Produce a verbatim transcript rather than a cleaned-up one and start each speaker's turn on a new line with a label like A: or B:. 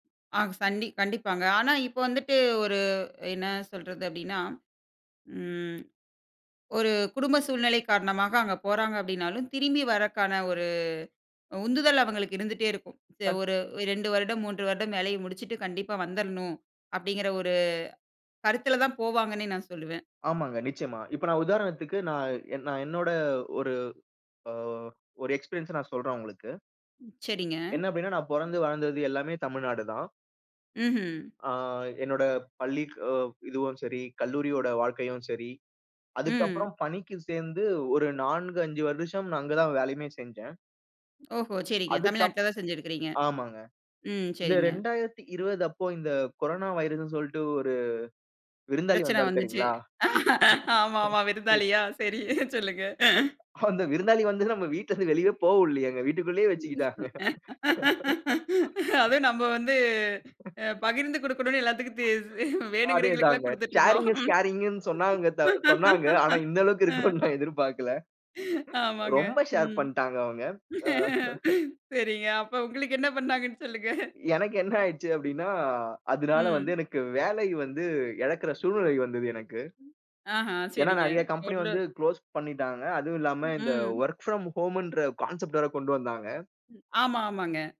A: ஆ சண்டி கண்டிப்பாங்க. ஆனா இப்போ வந்துட்டு ஒரு என்ன சொல்றது அப்டின்னா, ம். ஒரு குடும்ப சூழ்நிலை காரணமாக அங்க போறாங்க அப்டின்னாலும், திரும்பி வரக்கான ஒரு உந்துதல் அவங்களுக்கு இருந்துட்டே இருக்கும். தே
B: தன்
A: ஒரு ரெண்டு வருடம், மூன்று வருடம் வேலைய முடிச்சிட்டு, கண்டிப்பா வந்திரணும் அப்டிங்கிற ஒரு கருத்துல தான் போவாங்கன்னே நான் சொல்லுவேன்.
B: ஆமாங்க, நிச்சயமா. இப்ப நான் உதாரணத்துக்கு நான் என் நான் என்னோட ஒரு அ ஒரு எக்ஸ்பீரியன்ஸ்ச நான் சொல்றேன் உங்களுக்கு.
A: சரிங்க.
B: என்ன அப்படின்னா, நான் பொறந்து வளர்ந்தது எல்லாமே தமிழ்நாடுதான்.
A: ம்ஹும்.
B: ஆ, என்னோட பள்ளிக் இதுவும் சரி, கல்லூரியோட வாழ்க்கையும் சரி,
A: ம்.
B: அதுக்கப்புறம் பணிக்குச் சேர்ந்து ஒரு நான்கு, அஞ்சு வருஷம் நான் அங்கதான் வேலையுமே செஞ்சேன்.
A: ஓஹோ! சரிங்க.
B: அதுக்கப்
A: தமிழ்நாட்டில தான் செஞ்சுருக்கீங்க.
B: ஆமாங்க.
A: ம்.
B: இந்த
A: சரிங்க.
B: ரெண்டாயிரத்து இருபது அப்போ இந்த, கொரோனா வைரஸ்ன்னு சொல்லிட்டு ஒரு விருந்தாளி
A: பிரச்சன
B: வந்தாரு
A: வந்துச்சு.
B: தெரியுங்களா?
A: ஆமா ஆமா
B: [unintelligible]
A: விருந்தாளியா? சரி சொல்லுங்க.
B: அந்த விருந்தாளி வந்துல நம்ம வீட்ல இருந்து வெளியவே போக உடலையேங்க. வீட்டுக்குள்ளேயே வச்சுக்கிட்டாங்க.
A: அதுவும் நம்ம வந்து அ பகிர்ந்து குடுக்கணும்னு எல்லாத்துக்கும் தெ வேணுங்கறவங்களுக்குல்லாம்
B: அதேதாங்க.
A: குடுத்துட்டு இருந்தோம்.
B: "ஷேரிங் இஸ் கேரிங்ன்னு" சொன்னாங்க தவி சொன்னாங்க. ஆனா, இந்த அளவுக்கு
A: அ.
B: இருக்கும்னு நான் எதிர்பார்க்கல.
A: ஆமாங்க.
B: ரொம்ப ஷேர்
A: ம்.
B: பண்ட்டாங்க அவங்க. அ.
A: சரிங்க. அப்ப உங்களுக்கு என்ன பண்ணாங்கன்னு சொல்லுங்க?
B: எனக்கு என்ன ஆயிர்ச்சு அப்டின்னா, அதுனால வந்து
A: ம்.
B: எனக்கு வேலை வந்து எழக்கிற சூழ்நெலை வந்தது எனக்கு.
A: ஆஹ.
B: ஏன்னா
A: சரிங்க.
B: நெறைய கம்பெனி வந்து
A: [unintelligible]
B: க்ளோஸ் பண்ணிட்டாங்க. அதுவும் இல்லாம இந்த
A: ம்.
B: ஒர்க் ஃப்ரம் ஹோம்ன்ற கான்செப்ட் வேற கொண்டு வந்தாங்க.
A: ஆமா. ஆமாங்க.